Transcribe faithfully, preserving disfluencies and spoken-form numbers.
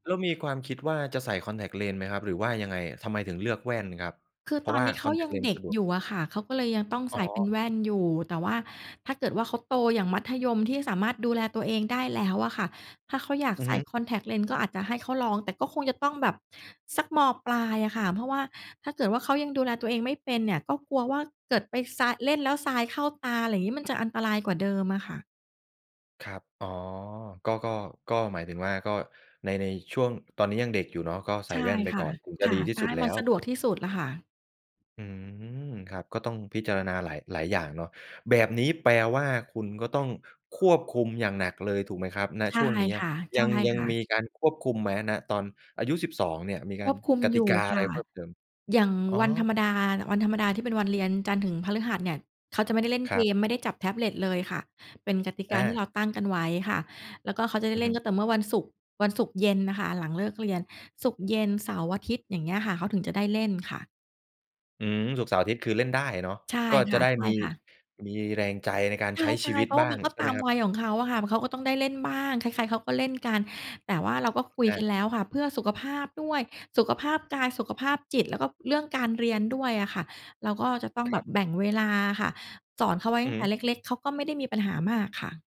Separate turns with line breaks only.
แล้วมีความคิดว่า จะใส่คอนแท็กต์เลนส์ไหมครับ? หรือว่ายังไงอะ ทำไมถึงเลือกแว่นครับ?
คือ
เพร
ต
า
อ
ะว
น
่า
นี้เข
ค
า
อนแท็
ย
ก
ั
ต์
ง
เลนส
เด
์
็ก
สะดวก
อยู่อะค่ะ เขาก็เลยยังต้อง
อ
ใส
๋
่เป็น
อ
แว่นอยู่ แต่ว่าถ้าเกิดว่าเขาโต อย่างมัธยมที่สามารถดูแลตัวเองได้แล้วอะค่ะ ถ้าเขาอยาก
อือ
ใส
ฮ
่
ึ
คอนแท็กต์เลนส์ ก็อาจจะให้เขาลอง แต่ก็คงจะต้องแบบสัก ม.ปลายอะค่ะ เพราะว่าถ้าเกิดว่า เขายังดูแลตัวเองไม่เป็นเนี่ย ก็กลัวว่าเกิดไปทราย เล่นแล้วทรายเข้าตา อะไรงี้ มันจะอันตรายกว่าเดิมอะค่ะ
ครับ อ๋อ ก็ ก็ ก็หมายถึงว่า ก็ใน ในช่วง ตอนนี้ยังเด็กอยู่เนาะ ก็ใส
ใช
่
่
แว่นไป
ค่
ก
ะ
่อน ถึงจะ
ค่ะ
ดีที่
จะ
สุ
ใ
ด
ห้
แล
ม
้
ัน
ว
สะดวกที่สุดแหละค่ะ
อืม ครับ ก็ต้องพิจารณาหลาย หลายอย่างเนาะ แบบนี้แปลว่าคุณก็ต้องควบคุมอย่างหนักเลย ถูกไหมครับ ณ
ใช่
ช่วงเนี้ย
ค
ยัง ยัง
่ะ
มี
ๆ
การควบคุมไหม ณ ตอนอายุ สิบสอง เนี่ย มีก
ค
า
ว
ร
บคุม
กต
อย
ิ
ู
ก
่
าอ
ค
ะไ
่
ร
ะ
เพิ่มเติม?
อย่าง
อ๋อ
วันธรรมดา วันธรรมดาที่เป็นวันเรียนจันทร์ถึงพฤหัสเนี่ย เขาจะไม่ได้เล่น
ค
เ
ร
ก
ับ
ม ไม่ได้จับแท็บเล็ตเลยค่ะ เป็นกติก
อ
าที่
า
เราตั้งกันไว้ค่ะ แล้วก็เขาจะได
อ
้
ือ
เล
ฮ
่
ึ
นก็ต่อเมื่อวันศุกร์ วันศุกร์เย็นน่ะค่ะ หลังเลิกเรียน ศุกร์เย็น เสาร์อาทิตย์ อย่างเงี้ยค่ะ เขาถึงจะได้เล่นค่ะ
อือ ศุกร์เสาร์อาทิตย์ คือเล่นได้อะเนาะ
ใช่
ก็
ค
จะได้มี
่ะ ๆ
มีแรงใจในการ
ใช
ใ
่
ช้ชีวิ
ๆ เ
ต
พราะว
บ
่
้
า
า
มั
ง
นก็
ใช่
ต
ไหม
าม
ครับ?
วัยของเขาอะค่ะ เขาก็ต้องได้เล่นบ้าง ใคร ๆ เขาก็เล่นกัน แต่ว่าเรา ก็คุย
อ
กั
า
นแล้วค่ะ เพื่อสุขภาพด้วย สุขภาพกาย สุขภาพจิต แล้วก็เรื่องการเรียนด้วยอะค่ะ เราก็จะต้อง
ค
แบ
รั
บ
บ
แบ่งเวลาอะค่ะ สอนเขาไว้ต
อ
ั้งแต
ือ
่เล็ก ๆ เขาก็ไม่ได้มีปัญหามากค่ะ